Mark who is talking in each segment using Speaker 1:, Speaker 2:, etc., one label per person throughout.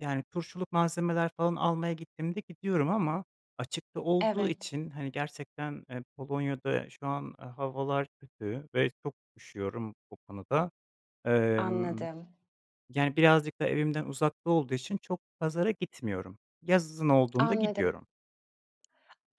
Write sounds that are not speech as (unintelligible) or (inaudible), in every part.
Speaker 1: Yani, turşuluk malzemeler falan almaya gittiğimde gidiyorum ama açıkta olduğu
Speaker 2: Evet.
Speaker 1: için, hani, gerçekten, eee, Polonya'da şu an, eee, havalar kötü ve çok üşüyorum, o konuda. Emm,
Speaker 2: Anladım.
Speaker 1: yani, birazcık da evimden uzakta olduğu için çok pazara gitmiyorum. Yazın olduğunda
Speaker 2: Anladım.
Speaker 1: gidiyorum.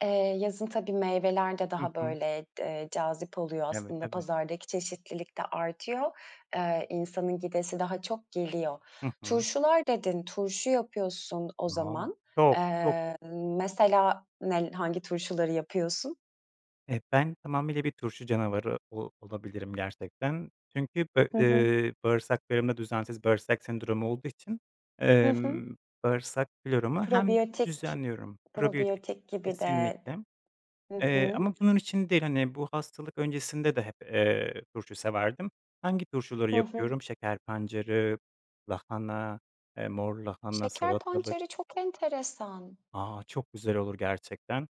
Speaker 2: Eee, yazın tabii meyveler de
Speaker 1: Hı
Speaker 2: daha,
Speaker 1: hı.
Speaker 2: böyle, eee, cazip oluyor,
Speaker 1: Evet,
Speaker 2: aslında
Speaker 1: tabii.
Speaker 2: pazardaki çeşitlilik de artıyor. Eee, insanın gidesi daha çok geliyor.
Speaker 1: Hı hı.
Speaker 2: Turşular dedin, turşu yapıyorsun o
Speaker 1: (unintelligible)
Speaker 2: zaman.
Speaker 1: Çok çok.
Speaker 2: Eee, mesela, nel hangi turşuları yapıyorsun?
Speaker 1: E, ben tamamıyla bir turşu canavarı o olabilirim gerçekten. Çünkü be
Speaker 2: Hı hı.
Speaker 1: eee, bağırsaklarımda düzensiz bağırsak sendromu olduğu için,
Speaker 2: Hı hı.
Speaker 1: emm, bağırsak floramı hem
Speaker 2: Probiyotik
Speaker 1: düzenliyorum Probiyotik
Speaker 2: probiyotik gibi de
Speaker 1: kesinlikle,
Speaker 2: Hı
Speaker 1: eee,
Speaker 2: hı.
Speaker 1: ama bunun için değil, hani, bu hastalık öncesinde de hep, eee, turşu severdim. Hangi turşuları
Speaker 2: Hı hı.
Speaker 1: yapıyorum? Şeker pancarı, lahana, eee, mor lahana,
Speaker 2: Şeker
Speaker 1: salatalık.
Speaker 2: pancarı çok enteresan.
Speaker 1: A, çok güzel olur gerçekten.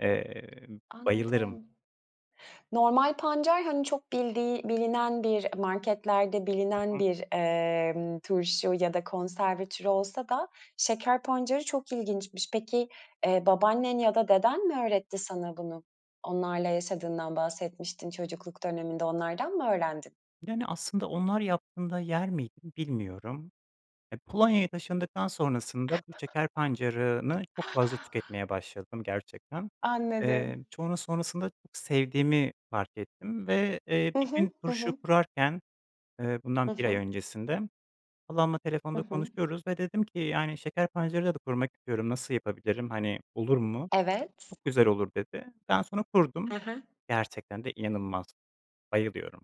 Speaker 1: Eee, bayılırım.
Speaker 2: Anladım. Normal pancar, hani, çok bildiği bilinen bir marketlerde
Speaker 1: Hı
Speaker 2: bilinen
Speaker 1: hı.
Speaker 2: bir, eee, turşu ya da konserve türü olsa da şeker pancarı çok ilginçmiş. Peki, eee, babaannen ya da deden mi öğretti sana bunu? Onlarla yaşadığından bahsetmiştin çocukluk döneminde. Onlardan mı öğrendin?
Speaker 1: Yani, aslında onlar yaptığında yer miydim, bilmiyorum. Eee, Polonya'ya taşındıktan sonrasında bu şeker pancarını çok fazla tüketmeye başladım, gerçekten. Eee,
Speaker 2: Anladım.
Speaker 1: sonra sonrasında sevdiğimi fark ettim ve, eee,
Speaker 2: Hı
Speaker 1: bir gün
Speaker 2: hı. Hı
Speaker 1: turşu
Speaker 2: hı.
Speaker 1: kurarken, eee,
Speaker 2: Hı
Speaker 1: bundan 1 ay
Speaker 2: hı.
Speaker 1: öncesinde halamla
Speaker 2: Hı
Speaker 1: telefonda
Speaker 2: hı.
Speaker 1: konuşuyoruz ve dedim ki, "Yani, şeker pancarıyla da kurmak istiyorum. Nasıl yapabilirim, hani, olur mu?"
Speaker 2: Evet.
Speaker 1: "Çok güzel olur." dedi. Ben sonra
Speaker 2: Hı
Speaker 1: kurdum.
Speaker 2: hı.
Speaker 1: Gerçekten de inanılmaz, bayılıyorum.